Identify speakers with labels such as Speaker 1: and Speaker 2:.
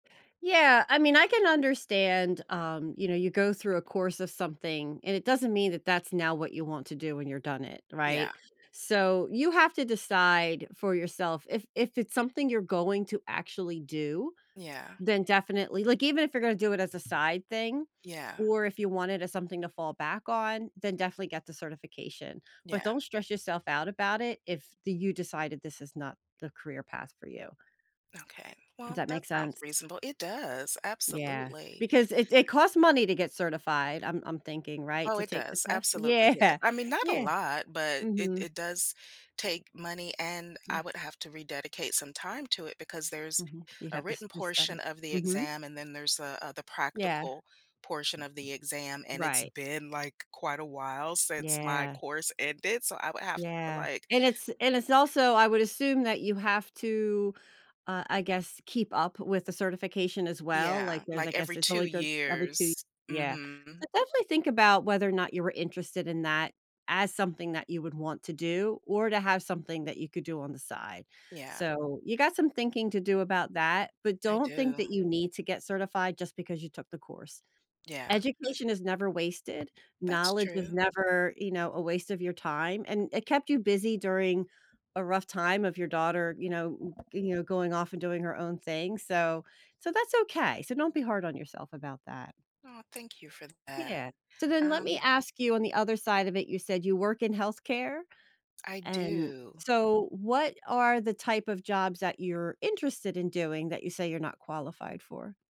Speaker 1: Yeah, I mean, I can understand, um, you know, you go through a course of something, and it doesn't mean that that's now what you want to do when you're done it, right?
Speaker 2: Yeah.
Speaker 1: So, you have to decide for yourself, if if it's something you're going to actually do,
Speaker 2: Yeah.
Speaker 1: then definitely like, even if you're gonna do it as a side thing,
Speaker 2: Yeah.
Speaker 1: or if you want it as something to fall back on, then definitely get the certification. But,
Speaker 2: Yeah.
Speaker 1: don't stress yourself out about it, if the you decided this is not the career path for you.
Speaker 2: Okay.
Speaker 1: Does
Speaker 2: Well,
Speaker 1: that
Speaker 2: that
Speaker 1: make
Speaker 2: sounds
Speaker 1: sense?
Speaker 2: reasonable. It does,
Speaker 1: Yeah.
Speaker 2: absolutely
Speaker 1: Because it it costs money to get certified, I'm I'm thinking, right,
Speaker 2: Oh,
Speaker 1: to
Speaker 2: it
Speaker 1: take the
Speaker 2: does,
Speaker 1: test?
Speaker 2: absolutely, yeah.
Speaker 1: Yeah.
Speaker 2: I mean, not a
Speaker 1: Yeah.
Speaker 2: lot, but it
Speaker 1: Mhm.
Speaker 2: it does take money, and
Speaker 1: Yeah.
Speaker 2: I would have to rededicate some time to it, because there's
Speaker 1: Mhm. You'd
Speaker 2: a
Speaker 1: have to
Speaker 2: written
Speaker 1: to
Speaker 2: portion
Speaker 1: study.
Speaker 2: of the
Speaker 1: Mhm.
Speaker 2: exam, and then there's a, uh, the
Speaker 1: Yeah.
Speaker 2: practical portion of the exam, and it's
Speaker 1: Right.
Speaker 2: been, like, quite a while since my
Speaker 1: Yeah.
Speaker 2: course ended, so I would have to,
Speaker 1: Yeah.
Speaker 2: like
Speaker 1: And, it's and, it's also, I would assume, that you have to, uh, I guess, keep up with the certification, as well. Like,
Speaker 2: Yeah,
Speaker 1: there's, I
Speaker 2: like
Speaker 1: guess
Speaker 2: every
Speaker 1: it's
Speaker 2: 2
Speaker 1: only good every 2
Speaker 2: years.
Speaker 1: yeah. So,
Speaker 2: Mhm.
Speaker 1: definitely think about whether or not you were interested in that as something that you would want to do, or to have something that you could do on the side.
Speaker 2: Yeah.
Speaker 1: So, you got some thinking to do about that, but
Speaker 2: I
Speaker 1: don't think
Speaker 2: do.
Speaker 1: that you need to get certified just because you took the course.
Speaker 2: Yeah.
Speaker 1: Education is never wasted.
Speaker 2: That's
Speaker 1: Knowledge is
Speaker 2: true.
Speaker 1: never, you know, a waste of your time, and it kept you busy during a rough time of your daughter, you know, g you now, going off, and doing her own thing, so so, that's okay, so don't be hard on yourself about that.
Speaker 2: Oh, thank you for that,
Speaker 1: Yeah. So, then let me
Speaker 2: um
Speaker 1: ask you, on the other side of it, you said you work in healthcare?
Speaker 2: I
Speaker 1: And
Speaker 2: do.
Speaker 1: so, what are the type of jobs that you're interested in doing, that you say you're not qualified for?